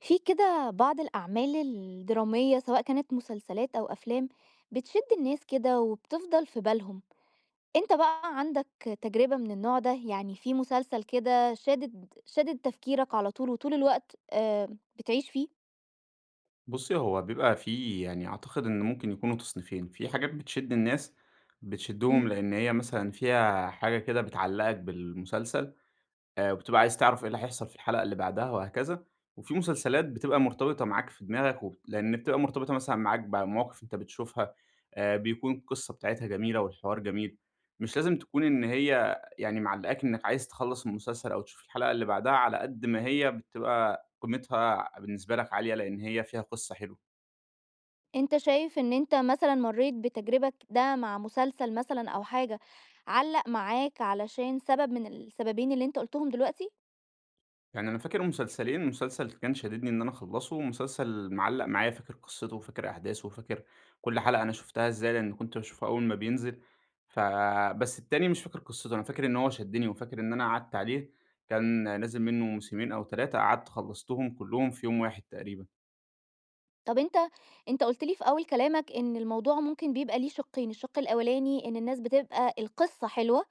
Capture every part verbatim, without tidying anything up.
في كده بعض الأعمال الدرامية، سواء كانت مسلسلات أو أفلام بتشِد الناس كده وبتفضَل في بالهم. أنت بقى عَندك تجربة من النوع ده، يعني في مسلسل كده شادِد شادِد تفكيرك على طول وطول الوقت، آآ بتعيش فيه؟ بُصّي، هو بيبقى في يعني أعتقد إنه ممكن يكونوا تصنيفين، في حاجات بتشِد الناس، بتشدّهم امم. لأن هي مثلًا فيها حاجة كده بتعلّقك بالمسلسل آآ وبتبقى عايز تعرَف إيه إمم. اللي هيحصَل في الحلقة اللي بَعدها وهكذا، وفي مسلسلات بتبقى مرتبِطة معاك في دماغك و لأن بتبقى مرتبطة مثلًا معاك بمواقِف أنت بتشوفها، آآ، بيكون القِصّة بتاعتها جميلة والحوار جميل، مش لازم تكون إن امم. هي يعني معلّقاك إنك عايز تخلَّص المسلسل أو تشوف الحلقة اللي بَعدها على قد ما هي بتبقى قيمتها بالنسبة لك عالية، لأن هي فيها قِصّة حلوة. أنت شايف إن أنت مثلًا مرّيت بتجربة ك ده مع مسلسل مثلًا أو حاجة علّق معاك علشان سبَب من السبَبين اللي أنت قُلتهم دلوقتي؟ يعني أنا فاكر مسلسلين، مسلسل كان شاددني إن أنا اخلّصه ومسلسل معلّق معايا، فاكر قِصّته وفاكر أحداثه وفاكر كلّ حلَقة أنا شُفتها إزاي، لإني كنت باشوفها أول ما بينزِل، ف بس التاني مش فاكر قِصّته، أنا فاكر إنه هو شدّني وفاكر إن أنا قعَدت عليه، كان نازِل مِنُّه موسمين أو تلاتة، قعَدت خلّصتهم كلّهم في يوم واحد تقريبًا. طَب أنت أنت قُلت لي في أول كلامك إن الموضوع ممكن بيبقى ليه شقّين، الشق الأولاني إن الناس بتبقى القصّة حلوة،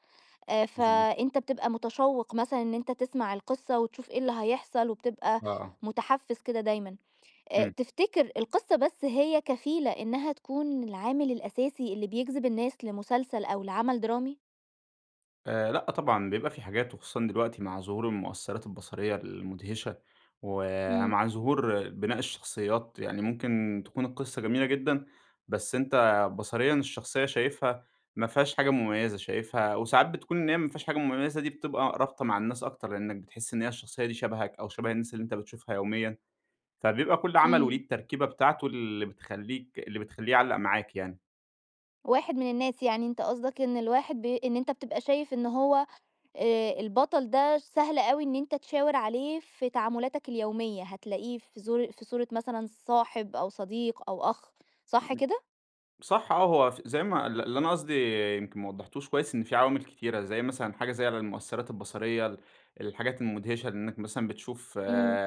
آآ، مضبوط. فأنت بتبقى متشوّق مثلًا إن أنت تسمع القصّة وتشوف إيه اللي هيحصل، وبتبقى آه، آه. متحفِّز كده دايمًا، آآ، امم. تفتكر القصّة بس هي كفيلة إنها تكون العامل الأساسي اللي بيجذب الناس لمسلسل، أو لعمل درامي؟ آآ، لأ طبعًا بيبقى في حاجات وخصوصًا دلوقتي مع ظهور المؤثرات البصرية المدهشة، امم. ومع ظهور بناء الشخصيات يعني ممكن تكون القصّة جميلة جدًا، بس أنت بصريًا الشخصية شايفها ما فيهاش حاجة مميزة، شايفها وساعات بتكون إن هي ما فيهاش حاجة مميزة دي بتبقى رابطة مع الناس أكتر لأنك بتحس إن هي الشخصية دي شبهك أو شبه الناس اللي أنت بتشوفها يوميًا، فبيبقى كل عمل وليه امم. التركيبة بتاعته اللي بتخليك اللي بتخليه يعلَّق معاك يعني. واحد من الناس، يعني أنت قصدك إن الواحد ب إن أنت بتبقى شايف إن هو آآ، البطل ده سهل أوي إن أنت تشاور عليه في تعاملاتك اليومية، هتلاقيه في زو في صورة مثلًا صاحب أو صديق أو أخ، صح امم، كده؟ صح آه، هو ف زي ما ال اللي أنا قصدي يمكن ما وضحتوش كويس، إن في عوامل كتيرة زي مثلًا حاجة زي المؤثرات البصرية، ال الحاجات المدهشة إنك مثلًا بتشوف إمم.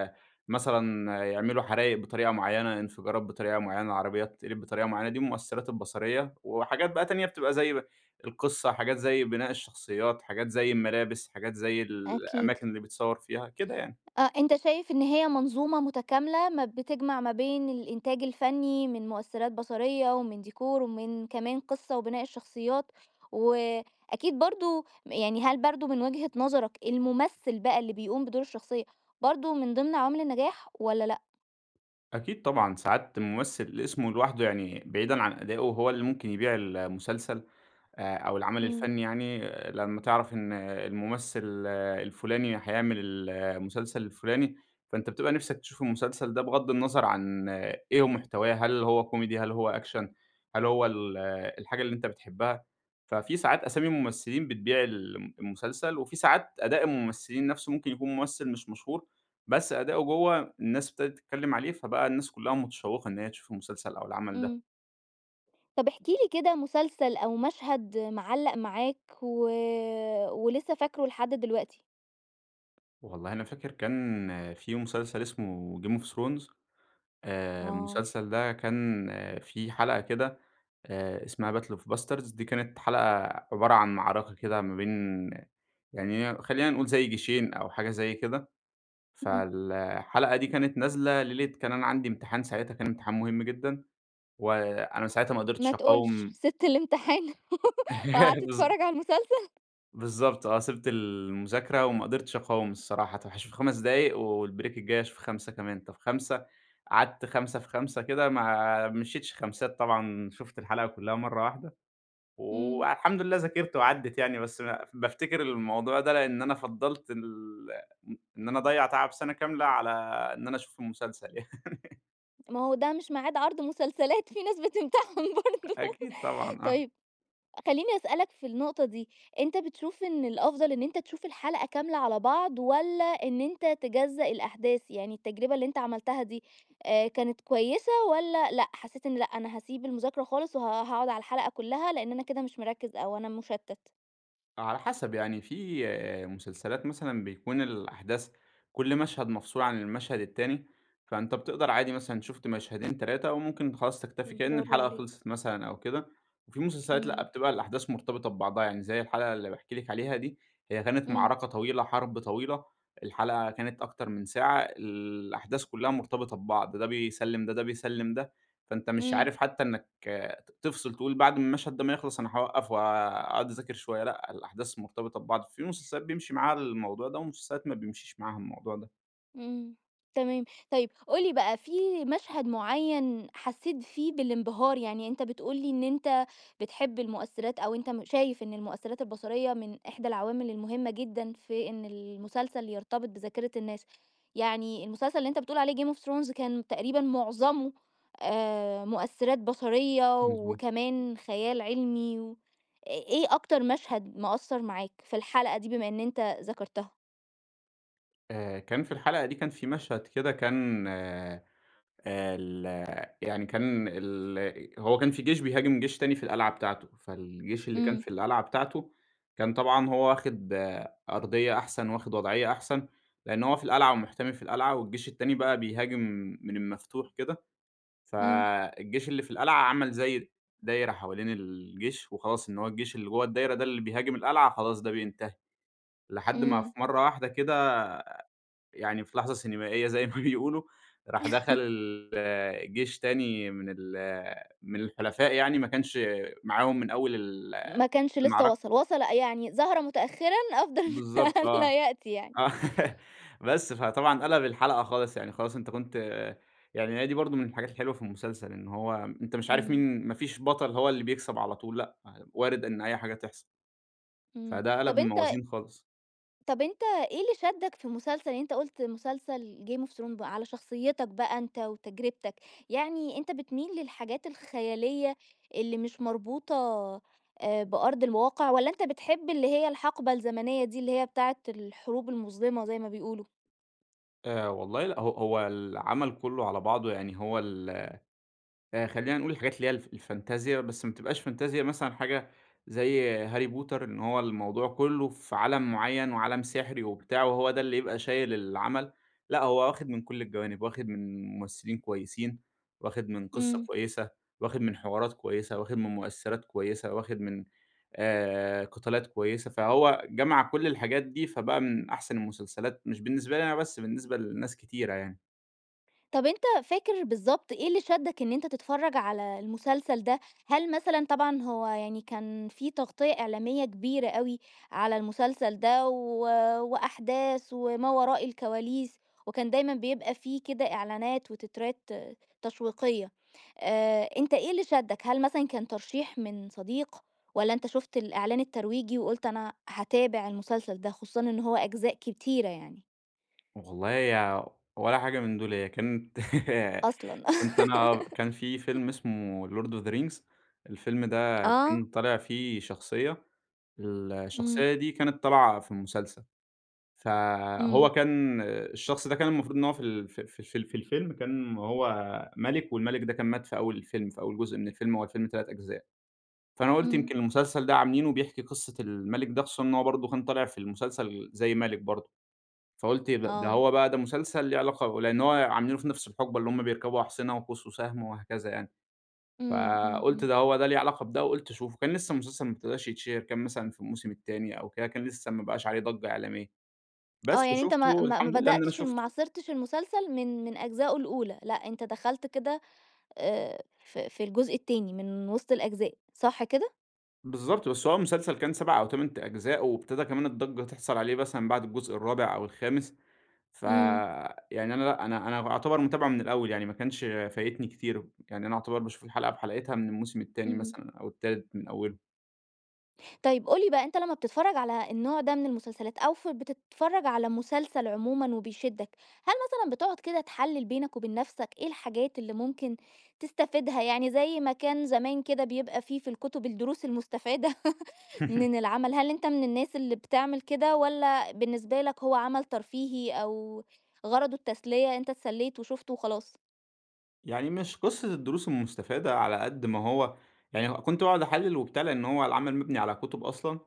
مثلًا يعملوا حرايق بطريقة معيّنة، انفجارات بطريقة معيّنة، عربيات تتقلب بطريقة معيّنة، دي المؤثرات البصرية، وحاجات بقى تانية بتبقى زي ب القصّة، حاجات زي بناء الشخصيات، حاجات زي الملابس، حاجات زي أكيد. الأماكن اللي بتصوّر فيها، كده يعني. أ أنت شايف إن هي منظومة متكاملة ما بتجمع ما بين الإنتاج الفني من مؤثرات بصرية ومن ديكور ومن كمان قصّة وبناء الشخصيات، وأكيد برضه م يعني هل برضه من وجهة نظرك الممثل بقى اللي بيقوم بدور الشخصية برضه من ضمن عوامل النجاح والَّا لأ؟ أكيد طبعًا، ساعات الممثل اسمه لوحده، يعني بعيدًا عن أدائه هو اللي ممكن يبيع ال المسلسل، آآ أو العمل إمم. الفني يعني، لمّا تعرف إن الممثل الفلاني هيعمل ال المسلسل الفلاني فأنت بتبقى نفسك تشوف المسلسل ده بغض النظر عن إيه هو محتواه، هل هو كوميدي، هل هو أكشن؟ هل هو ال الحاجة اللي أنت بتحبها؟ ففي ساعات أسامي [unintelligible] ممثلين بتبيع ال المسلسل، وفي ساعات أداء الممثلين نفسه، ممكن يكون ممثل مش مشهور بس أداؤه جوه، الناس أبتدت تتكلم عليه، فبقى الناس كُلُّهم متشوقة إن هي تشوف المسلسل أو العمل ده. إمم. طب، احكِ لي كده مسلسل أو مشهد معلّق معاك و ولسه فاكره لحد دلوقتي. والله أنا فاكر كان في مسلسل اسمه Game of Thrones، آآ، آه. المسلسل ده كان في حلقة كده، آآ، اسمها battle of bastards، دي كانت حلقة عبارة عن معركة كده ما بين يعني هي خلّينا نقول زي جيشين أو حاجة زي كده، اهم. فالحلقة دي كانت نازلة ليلة كان أنا عندي امتحان ساعتها كان امتحان مهم جدًا، وأنا ساعتها ما ما قدرتش تقولش، أقاوم سِبت الإمتحان وقعدت بالض تتفرج على المسلسل؟ بالضبط آه، سِبت المذاكرة وما قدرتش أقاوم الصراحة. طب، هاشوف خمس دقايق والبريك الجاي أشوف خمسة كمان، طب، خمسة قعدت خمسة في خمسة كده، ما مشيتش خمسات طبعًا، شُفت الحلقة كلها مرة واحدة، امم. والحمد لله ذاكرت وعدت يعني بس ب بافتكر الموضوع ده لإن أنا فضلت ال إن إن أنا أضيع تعب سنة كاملة على إن أنا أشوف المسلسل يعني. ما هو ده مش ميعاد عرض مسلسلات، في ناس بتمتحن برضه. أ أكيد طبعًا، آه. طيب، خليني أسألك في النقطة دي، أنت بتشوف إن الأفضل إن أنت تشوف الحلقة كاملة على بعض والّا إن أنت تجزأ الأحداث؟ يعني التجربة اللي أنت عملتها دي، آآ، كانت كويسة والّا لأ، حسيت إن لأ، أنا هاسيب المذاكرة خالص وه وهاقعد على الحلقة كلها لأن أنا كده مش مركز أو أنا مشتت؟ هو على حسب، يعني في مسلسلات مثلًا بيكون الأحداث كل مشهد مفصول عن المشهد التاني، فأنت بتقدر عادي، مثلًا شُفت مشهدين، تلاتة وممكن خلاص تكتفي، كأن برافو الحلقة عليك. خلصت مثلًا أو كده، وفي مسلسلات لأ، إمم. بتبقى الأحداث مرتبطة ببعضها، يعني زي الحلقة اللي باحكي لِك عليها دي هي كانت امم. معركة طويلة، حرب طويلة، الحلقة كانت أكتر من ساعة، الأحداث كلها مرتبطة ببعض، ده بيسلم ده، ده بيسلم ده، فأنت مش امم. عارف حتى إنك ت تفصل، تقول بعد المشهد ده ما يخلص أنا هاوقف وهاقعد أذاكر شوية، لأ، الأحداث مرتبطة ببعض. في مسلسلات بيمشي معاها الموضوع ده ومسلسلات ما بيمشيش معاها الموضوع ده. إمم. تمام. طيب، قُل لي بقى في مشهد معيّن حسّيت فيه بالانبهار؟ يعني أنت بتقول لي إن أنت بتحب المؤثرات أو أنت م شايف إن المؤثرات البصريّة من إحدى العوامل المهمة جدًا في إن المسلسل يرتبط بذاكرة الناس. يعني المسلسل اللي أنت بتقول عليه Game of Thrones كان تقريبًا مُعظمه آآ، مؤثرات بصريّة مضبوط. وكمان خيال علمي و إ إيه أكتر مشهد مأثّر معاك في الحلقة دي بما إن أنت ذَكرتها؟ آآ، كان في الحلقة دي كان في مشهد كده كان آآ، ال يعني كان ال أ هو كان في جيش بيهاجم جيش تاني في القلعة بتاعتة، فالجيش اللي كان إمم. في القلعة بتاعتة كان طبعًا هو واخِد أرضيّة أحسن، واخِد وضعيّة أحسن، لإن هو في القلعة ومُحتمي في القلعة والجيش التاني بقى بيهاجم من المفتوح كده. إمم. فالجيش اللي في القلعة عمل زي دايرة حوالين الجيش، وخلاص إن هو الجيش اللي جوّا الدايرة ده اللي بيهاجم القلعة، خلاص ده بينتهي. لحد ما في إمم. مرّة واحدة كده يعني في لحظة سينمائية زي ما بيقولوا راح دخل الجيش تاني من ال من الحُلفاء يعني ما كانش معاهم من أول ال ما كانش لسّه المعركة. وصل، وصل أ يعني ظهرَ مُتأخرًا أفضل من بالضبط آه، الّا يأتي يعني. آه، بس فطبعًا قَلب الحلقة خالص، يعني خلاص أنت كنت يعني هي دي برضه من الحاجات الحلوة في المسلسل إن هو م أنت مش عارف إمم. مين ما فيش بطل هو اللي بيكسب على طول لأ، ع وارد إن أي حاجة تحصل. إمم. فده قَلب طب، أنت الموازين خالص. طب أنت إيه اللي شدّك في المسلسل؟ يعني أنت قُلت مسلسل Game of Thrones بقى على شخصيّتك بقى أنت، وتجرّبتك، يعني أنت بتميل للحاجات الخيالية اللي مش مربوطة آآ، بأرض الواقع والّا أنت بتحب اللي هي الحَقبة الزمنية دي اللي هي بتاعة الحروب المُظلمة زي ما بيقولوا؟ آآ والله لأ. هو هو العمل كُلّه على بعضه يعني هو ال آآ، خلّينا نقول الحاجات اللي هي الف الفانتازيا، بس ما تبقاش فانتازيا مثلًا حاجة زي هاري بوتر إن هو الموضوع كُلّه في عالم معيّن وعالم سِحري وبتاع وهو ده اللي يبقى شايل العمل، لأ هو واخِد من كل الجوانب، واخِد من ممثلين كويسين، واخِد من قِصّة إمم. كويسة، واخِد من حوارات كويسة، واخِد من مؤثِّرات كويسة، واخِد من آآ، قِتالات كويسة، فهو جَمَع كل الحاجات دي فبقى من أحسن المسلسلات، مش بالنسبة لي أنا بس، بالنسبة لناس كتيرة يعني. طب، أنت فاكر بالضبط إيه اللي شدّك إن أنت تتفرّج على المسلسل ده؟ هل مثلًا طبعًا هو يعني كان في تغطية إعلامية كبيرة أوي على المسلسل ده و وأحداث وما وراء الكواليس، وكان دايمًا بيبقى في كده إعلانات وتترات تشويقية. آآ، أنت إيه اللي شدك؟ هل مثلًا كان ترشيح من صديق والّا أنت شُفت الإعلان الترويجي وقُلت أنا هاتابع المسلسل ده، خصوصًا إن هو أجزاء كتيرة يعني؟ والله هي ولا حاجة من دول، هي كانت أصلًا. كنت أنا كان في فيلم اسمه Lord of the Rings، الفيلم ده كان آه. طالع فيه شخصية، إمم. الشخصية دي كانت طالعة في المسلسل، فهو إمم. كان الشخص ده، كان المفروض إن هو في ال في في ال في ال في الفيلم كان هو مَلِك والمَلِك ده كان مات في أول الفيلم، في أول جزء من الفيلم، هو الفيلم تلات أجزاء، فأنا قُلت إمم. يمكن المسلسل ده عاملينه بيحكي قصة المَلِك ده خصوصًا إن هو برضه كان طالع في المسلسل زي مَلِك برضه، فقُلت إيه ده! ده آه. هو بقى ده مسلسل ليه علاقة لإن هو عاملينه في نَفس الحُقبة اللي هم بيركبوا أحصِنة وقوس وسهم وهكذا يعني، إمم، إمم، فقُلت إمم. ده هو ده ليه علاقة بده وقُلت أشوفه، كان لسّه المسلسل ما ابتداش يتشهِر، كان مثلًا في الموسم التاني أو كده، كان لسّه ما بقاش عليه ضجّة إعلامية. آه. بس، يعني أنت ما وشُفته، ما ما الحمد لله إن أنا بدأتش ال ما شُفته. عاصِرتش المسلسل من من أجزائه الأولى، لأ أنت دخلت كده آآ في في الجزء التاني، من وِسط الأجزاء، صح كده؟ بالضبط، بس هو المسلسل كان سَبَع أو تَمَن ت أجزاء، وابتدى كمان الضجّة تحصَل عليه مثلًا بعد الجزء الرابع أو الخامس، إمم. فيعني أنا لأ أنا أنا أُعتبر متابعُه من الأول، يعني ما كانش فايتني كتير يعني أنا أُعتبر باشوف الحلقة بحلقتها من الموسم التاني إمم. مثلًا أو التالت من أولُه. طيب، قُل لي بقى أنت لمّا بتتفرّج على النوع ده من المسلسلات أو ف بتتفرّج على مسلسل عمومًا، وبيشدَّك هل مثلًا بتقعد كده تحلِّل بينك وبين نَفْسَك إيه الحاجات اللي ممكن تستفيدها، يعني زي ما كان زمان كده بيبقى فيه في الكُتُب الدروس المستفادة من العمل، هل أنت من الناس اللي بتعمل كده والَّا بالنسبة لك هو عمل ترفيهي أو غرضُه التسلية أنت اتسليت وشُفته وخلاص؟ يعني مش قصّة الدروس المستفادة على قد ما هو يعني كنت باقعد أحلِّل وبتاع، لإن هو العمل مبني على كُتُب أصلًا،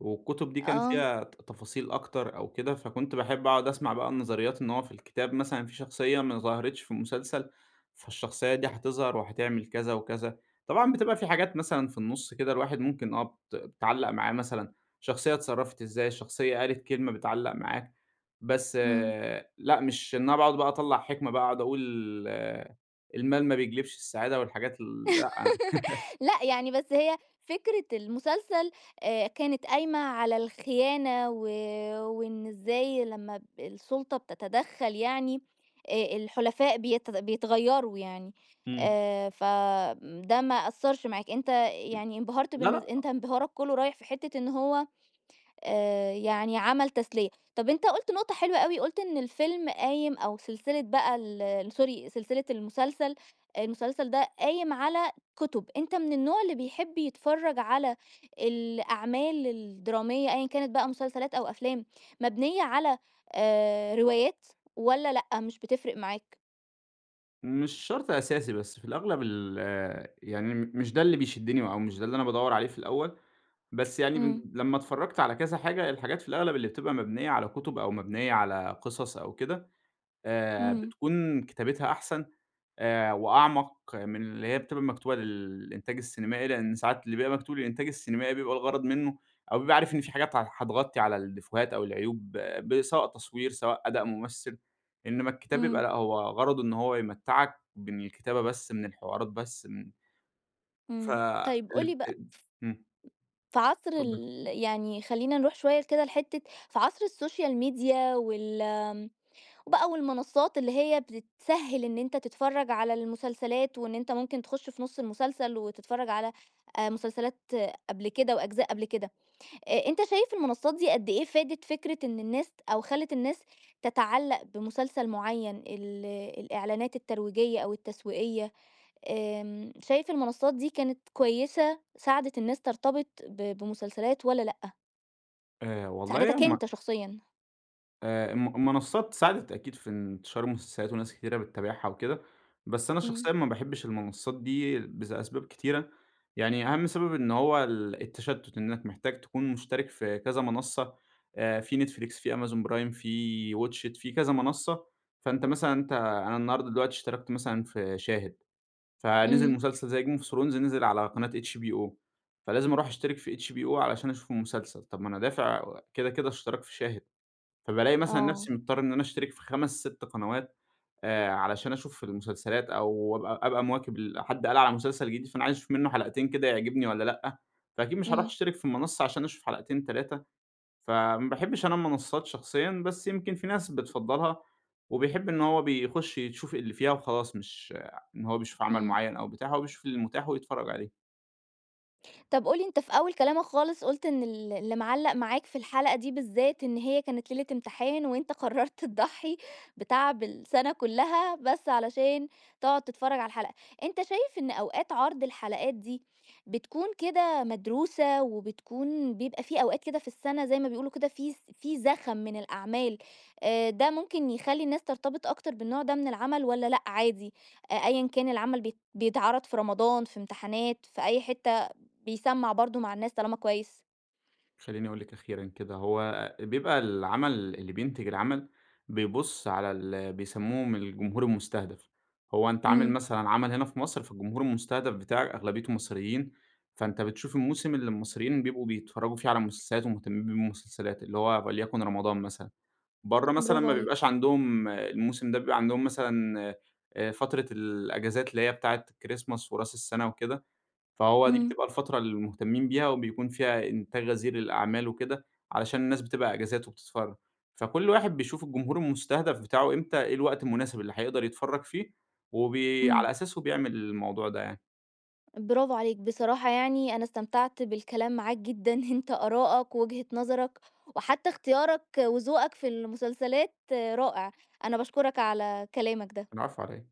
والكُتُب دي كان آه. فيها ت-تفاصيل أكتر أو كده، فكنت باحب أقعد أسمَع بقى النظريات إن هو في الكتاب مثلًا في شخصية ما ظهرتش في المسلسل، فالشخصية دي هتظهر وهتعمل كذا وكذا، طبعًا بتبقى في حاجات مثلًا في النُصّ كده الواحد ممكن آه بت بتعلّق معايا مثلًا، شخصية اتصرفت إزاي الشخصية قالت كلمة بتعلّق معاك بس إمم. لأ مش إن أنا باقعد بقى أطلّع حِكمة بقى أقعد أقول المال ما بيجلِبش السعادة والحاجات ال لأ. لأ، يعني بس هي فكرة المسلسل آآ كانت قايمة على الخيانة، و وإن إزاي لمّا ب السُلطة بتتدخّل يعني آآ، الحُلفاء بيت بيتغيروا يعني، إمم. آآ، ف آمم، ده ما أثّرش معاك أنت إمم، يعني انبهرت لا، بالن لأ. أنت انبهارك كلّه رايح في حتة إن هو آآ، يعني عمل تسلية، طَب أنت قُلت نقطة حلوة أوي، قُلت إن الفيلم قايم أو سلسلة بقى ال sorry سلسلة المسلسل المسلسل ده قايم على كُتُب، أنت من النوع اللي بيحب يتفرّج على الأعمال الدرامية أيًا كانت بقى مسلسلات أو أفلام مبنية على آآ، روايات والَّا لأ؟ مش بتفرِق معاك؟ مش شرط أساسي، بس في الأغلب ال يعني م مش ده اللي بيشدني أو مش ده اللي أنا بادوّر عليه في الأول، بس يعني م امم. لمّا اتفرجت على كذا حاجة، الحاجات في الأغلب اللي بتبقى مبنية على كتب أو مبنية على قصص أو كده آآ، امم. بتكون كتابتها أحسن آآ، وأعمق من اللي هي بتبقى مكتوبة للإنتاج السينمائي، لأن ساعات اللي بيبقى مكتوب للإنتاج السينمائي بيبقى الغرض منه أو بيبقى عارف إن في حاجات ه هتغطي على الديفوهات أو العيوب ب سواء تصوير سواء أداء ممثل، إنما الكتاب يبقى امم. لأ هو غرضه إنه هو يمتّعك ب من الكتابة بس من الحوارات بس من ف امم، طيب قُل الب لي أ بقى امم. ف في عصر اتفضلي. ال يعني خلينا نروح شوية كده لحتّة في عصر السوشيال ميديا وال آمم، بقى والمنصات اللي هي بتسهّل إن أنت تتفرج على المسلسلات، وإن أنت ممكن تخش في نُص المسلسل وتتفرج على آآ، مسلسلات قبل كده وأجزاء قبل كده، أ أنت شايف المنصات دي قدّ إيه فادت فكرة إن الناس ت أو خلت الناس تتعلق بمسلسل معيّن، ال الإعلانات الترويجية، أو التسويقية آمم، شايف المنصات دي كانت كويسة ساعدت الناس ترتبط ب بمسلسلات والّا لأ؟ آآ والله ساعدتك هُم أنت شخصيًا. آآ، الم المنصّات ساعدت أكيد في انتشار المسلسلات وناس كتيرة بتتابعها وكده، بس أنا إمم. شخصيًا ما باحبش المنصّات دي بس أسباب كتيرة؛ يعني أهَم سبب إن هو ال التشتُّت، إنك محتاج تكون مشترك في كذا منصّة، آآ في Netflix في amazon prime في watch it في كذا منصّة، فأنت مثلًا أنت أنا النهارده دلوقتي اشتركت مثلًا في شاهد، فنزل إمم. مسلسل زي game of thrones نزل على قناة HBO، فلازم أروح أشترك في HBO علشان أشوف المسلسل، طَب ما أنا دافع و كده كده اشتراك في شاهد، فبالاقي مثلًا آه. نفْسي مضطر إن أنا أشترك في خمس سِت قنوات، آآ علشان أشوف المسلسلات، أو أبقى أبقى مواكب ال حد قال على مسلسل جديد فأنا عايز أشوف منه حلقتين كده يعجبني والّا لأ، فأكيد مش هاروح إمم. أشترك في المنصّة عشان أشوف حلقتين، تلاتة. فما باحبش أنا المنصّات شخصيًا بس يمكن في ناس بتفضّلها، وبيحب إن هو بيخش يشوف اللي فيها وخلاص، مش إن هو بيشوف عمل إمم. معيّن أو بتاع، هو بيشوف المتاح ويتفرّج عليه. طَب قُل لي أنت في أول كلامك خالص قُلت إن ال اللي مِعلَّق معاك في الحلقة دي بالذات، إن هي كانت ليلة امتحان وأنت قرّرت تضحي بتعب السنة كلّها، بس علشان تقعد تتفرّج على الحلقة، أنت شايف إن أوقات عرض الحلقات دي، بتكون كده مدروسة وبتكون بيبقى في أوقات كده في السنة زي ما بيقولوا كده في ز في زخم من الأعمال، آآ ده ممكن يخلّي الناس ترتبط أكتر بالنوع ده من العمل والّا لأ عادي، أ أيًّا كان العمل بي بيتعرض في رمضان، في امتحانات، في أي حتّة، بيسمَّع برضو مع الناس طالما كويس؟ خلّيني أقول لِك أخيرًا كده، هو بيبقى العمل اللي بينتج العمل، بيبُص على ال بيسمّوهم الجمهور المُستهدَف، هو أنت عامل إمم. مثلًا عمل هنا في مصر فالجمهور المُستهدَف بتاعك أغلبيته مصريين، فأنت بتشوف الموسم اللي المصريين بيبقوا بيتفرّجوا فيه على مسلسلات ومهتمين بيه بالمسلسلات، اللي هو وليكن رمضان مثلًا، برّه مثلًا برافو ما عليك! بيبقاش عندهم الموسم ده بيبقى عندهم مثلًا، آآ فترة الإجازات اللي هي بتاعة الChristmas وراس السنة وكده، فهو دي إمم. بتبقى الفترة المهتمين بيها وبيكون فيها إنتاج غزير للأعمال وكده، علشان الناس بتبقى إجازات وبتتفرّج. فكلّ واحد بيشوف الجمهور المُستهدَف بتاعه إمتى إيه الوقت المناسب اللي هيقدر يتفرّج فيه، وبي إمم. على أساسه بيعمل الموضوع ده يعني. برافو عليك! بصراحة يعني أنا استمتعت بالكلام معاك جدًا، أنت آرائك وجهة نظرك، وحتّى اختيارك وذوقك في المسلسلات رائع. أنا باشكرك على كلامك ده. العفو، على إيه؟